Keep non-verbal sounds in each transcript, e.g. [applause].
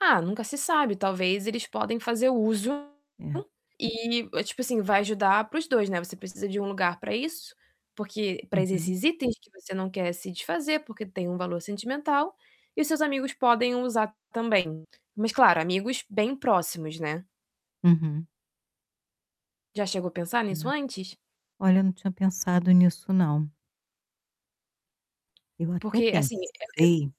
Ah, nunca se sabe. Talvez eles podem fazer uso É. e, tipo assim, vai ajudar para os 2, né. Você precisa de um lugar para isso, porque para Uhum. esses itens que você não quer se desfazer, porque têm um valor sentimental, e os seus amigos podem usar também. Mas, claro, amigos bem próximos, né? Uhum. Já chegou a pensar É, nisso antes? olha, eu não tinha pensado nisso não. Eu até Porque, assim, [unintelligible] pensei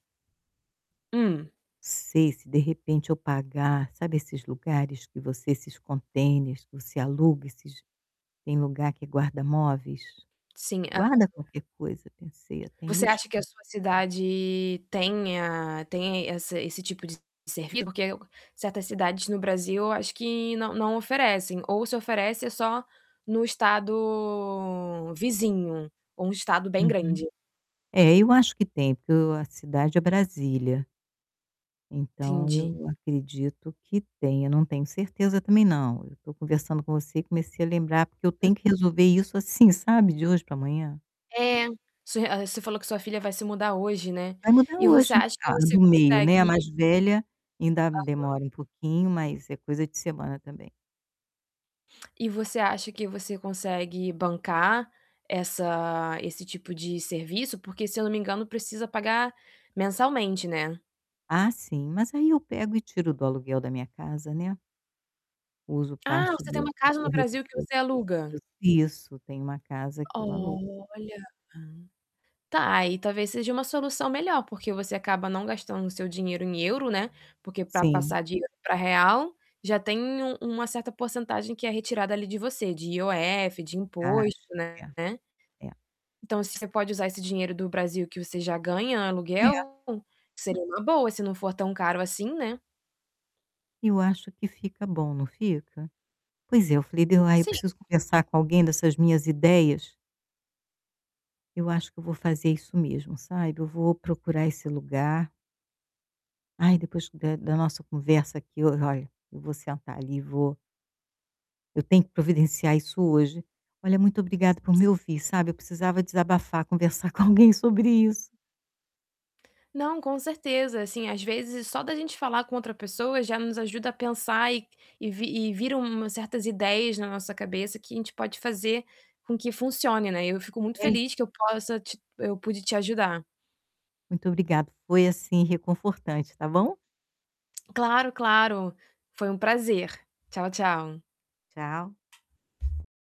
Hum. não sei, se, de repente, eu pagar, sabe, esses lugares que você esses contêineres, que você aluga esses tem lugar que guarda móveis, Sim. guarda [unintelligible] qualquer coisa. Pensei até em Você acha que a buscar. sua cidade tenha tenha esse esse tipo de servi porque aí eu gan certas cidades no Brasil, acho que não não oferecem, ou se oferecem é só no estado vizinho, ou um estado bem Uhum, grande. é, eu acho que tem, porque eu o a cidade é Brasília. Então, Entendi. eu acredito que tenha. Eu não tenho certeza também não, eu estou conversando com você e comecei a lembrar, porque eu Hum. tenho que resolver isso, assim, sabe, de hoje para amanhã. É, su você falou que sua filha vai se mudar hoje, né, Vai mudar e você hoje, acha que a você do meio, né, a consegue mais velha, ainda Aham. demora um pouquinho, mas é coisa de semana também. E você acha que você consegue bancar essa esse tipo de serviço? Porque, se eu não me engano, precisa pagar mensalmente, né? Ah, sim, mas aí eu pego e tiro do aluguel da minha casa, né. Uso Ah, parte você tem do uma do casa que no eu recebo Brasil que você aluga. eu isso, tem uma casa que eu alugo. Olha! Tá, aí talvez seja uma solução melhor, porque você acaba não gastando o seu dinheiro em euro, né, porque para Sim. passar de para real, já tem uma uma certa porcentagem que é retirada ali de você de IOF, de imposto, Acho que né. é, é. Então, se você pode usar esse dinheiro do Brasil, que você já ganha É. aluguel, seria uma boa se não for tão caro, assim, né? Eu acho que fica bom, não fica? Pois é, eu falei: "Bê, ah, eu Sim. preciso conversar com alguém dessas minhas ideias". Eu acho que eu vou fazer isso mesmo, sabe, eu vou procurar esse lugar aí depois da da nossa conversa aqui eu, olha, eu vou sentar ali e vou eu tenho que providenciar isso hoje. Olha, muito obrigada por [unintelligible] me ouvir, sabe. Eu precisava desabafar, conversar com alguém sobre isso. Não, com certeza, assim, às vezes só da gente falar com outra pessoa já nos ajuda a pensar e e vi e vira umas certas ideias na nossa cabeça que a gente pode fazer com que funcione, né, e eu fico muito [unintelligible] feliz que eu possa te eu pude te ajudar. Muito obrigado, foi assim reconfortante, tá bom? Claro, claro, foi um prazer. Tchau, tchau! Tchau.